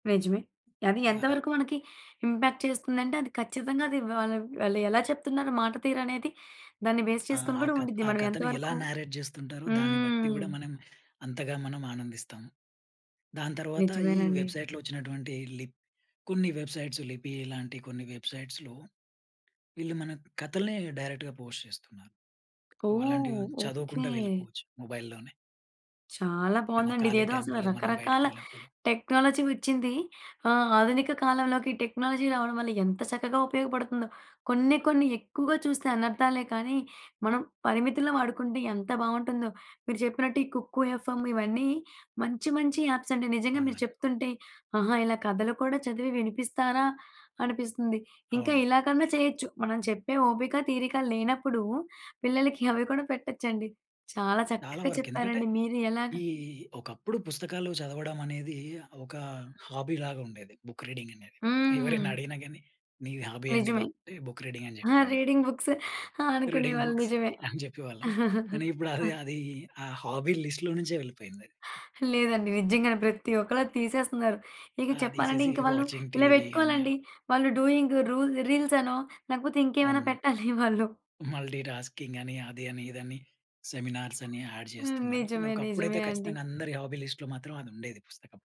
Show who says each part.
Speaker 1: నిజమే. అది
Speaker 2: ఆ!
Speaker 1: ఎంత
Speaker 2: అప్
Speaker 1: వరకు మనకి ఇంపాక్ట్ చేస్తుందంటే అది ఖచ్చితంగా అది వాళ్ వాళ్ళెలా చెప్తున్నారు మాట తీరనేది దాన్ని బేస్
Speaker 2: ఆ!
Speaker 1: చేసుకొని
Speaker 2: ఆ
Speaker 1: గూడా
Speaker 2: కథ్
Speaker 1: ఉండిద్ది.
Speaker 2: ఆ
Speaker 1: మనమెంత
Speaker 2: కథని ఎలా
Speaker 1: వరుకు
Speaker 2: నారేట్ జేస్తుంటారో దాన్ని బట్టి
Speaker 1: హ్మ్.
Speaker 2: గూడా మనం అంతగా మనం ఆనందిస్తాం. దాని తర్వాత ఈ
Speaker 1: నిజమేనండి.
Speaker 2: వెబ్సైట్‌లో ఒచ్చినటువంటి లిప్ కొన్ని వెబ్సైట్స్ లిపీలాంటి కొన్ని వెబ్సైట్స్‌లో వీళ్ళు మన కథల్ని డైరెక్ట్‌గా పోస్ట్ జేస్తున్నారు. వలాంటివి
Speaker 1: ఓహ్! ఓకే.
Speaker 2: చదువుకుంటా వెళ్ళిపోవచ్చు మొబైల్‌లోనే.
Speaker 1: చాలా
Speaker 2: ఏన్న
Speaker 1: బావుందండి.
Speaker 2: ఖాళీ
Speaker 1: ఇదేదో అసలు
Speaker 2: టైమ్‌లలో మనం
Speaker 1: రకరకాల
Speaker 2: బయటికెళ్ళినప్పుడు.
Speaker 1: టెక్నాలజీ వచ్చింది. ఆహ్, ఆధునిక కాలంలోకి టెక్నాలజీ రావడం వల్ల ఎంత చక్కగా ఉపయోగపడతుందో. కొన్ని కొన్ని ఎక్కువగా చూస్తే అనర్ధాలే కానీ మనం పరిమితుల్లో వాడుకుంటే ఎంత బావుంటుందో. మీరు జెప్పినట్టు ఈ కుక్కు ఎఫ్‌ఎ‌మ్ ఇవన్నీ మంచి మంచి యాప్సండి నిజంగా మీరు
Speaker 2: అవునండి.
Speaker 1: చెప్తుంటే ఆహా! ఇలా కథలు కూడా చదివి వినిపిస్తారా? అనిపిస్తుంది. ఇంకా
Speaker 2: అవును.
Speaker 1: ఇలాగన్నా చేయొచ్చు. మనం చెప్పే ఓపిక, తీరిక లేనప్పుడు పిల్లలకి అవి కూడా పెట్టొచ్చండి. చాలా
Speaker 2: చాలా
Speaker 1: చక్కగా
Speaker 2: వరకెందుకంటే
Speaker 1: చెప్పారండి. మీరు ఎలాగా
Speaker 2: ఈ ఒకప్పుడు పుస్తకాలు చదవడమనేది ఒక హాబీలాగుండేది బుక్ రీడింగనేది. ఎవరైనా
Speaker 1: హ్మ్.
Speaker 2: అడిగినా గానీ "నీ హాబీ ఏంటి
Speaker 1: నిజమే.
Speaker 2: బాబు?" అంటే బుక్ రీడింగని
Speaker 1: ఆ!
Speaker 2: జెప్పేవాళ్ళం.
Speaker 1: రీడింగ్ బుక్స్
Speaker 2: రీడింగ్
Speaker 1: అనుకునేవాళ్ళు
Speaker 2: బుక్స్
Speaker 1: నిజమే.
Speaker 2: అని జెప్పేవాళ్ళం. కానీ ఇప్పుడది అదీ ఆ హాబీ లిస్ట్‌లో నుంచే వెళ్ళిపోయిందది.
Speaker 1: లేదండి. నిజంగానే. ప్రత్తి ఒక్కళ్ళది తీసేస్తున్నారు. ఇగ
Speaker 2: ఆ!
Speaker 1: చెప్పాలంటే
Speaker 2: తీసేసి
Speaker 1: ఇంక వాళ్ళు
Speaker 2: వాచింగ్
Speaker 1: ఇలా
Speaker 2: టీవీ అని
Speaker 1: బెట్టుకోవాలండి.
Speaker 2: అలా.
Speaker 1: వాళ్ళు డూయింగ్ రూల్ రీల్సనో లేకపోతే ఇంకేమైనా
Speaker 2: అవును.
Speaker 1: పెట్టాలి వాళ్ళు.
Speaker 2: మల్టీ టాస్కింగని అదని ఇదని సెమినార్సని యాడ్
Speaker 1: హ్మ్.
Speaker 2: జేస్తున్నారు. కానీ
Speaker 1: నిజమే.
Speaker 2: ఒకప్పుడైతే
Speaker 1: నిజమే అండి.
Speaker 2: ఖచ్చితంగా అందరి హాబీ లిస్ట్‌లో మాత్రం అదుండేది పుస్తకం.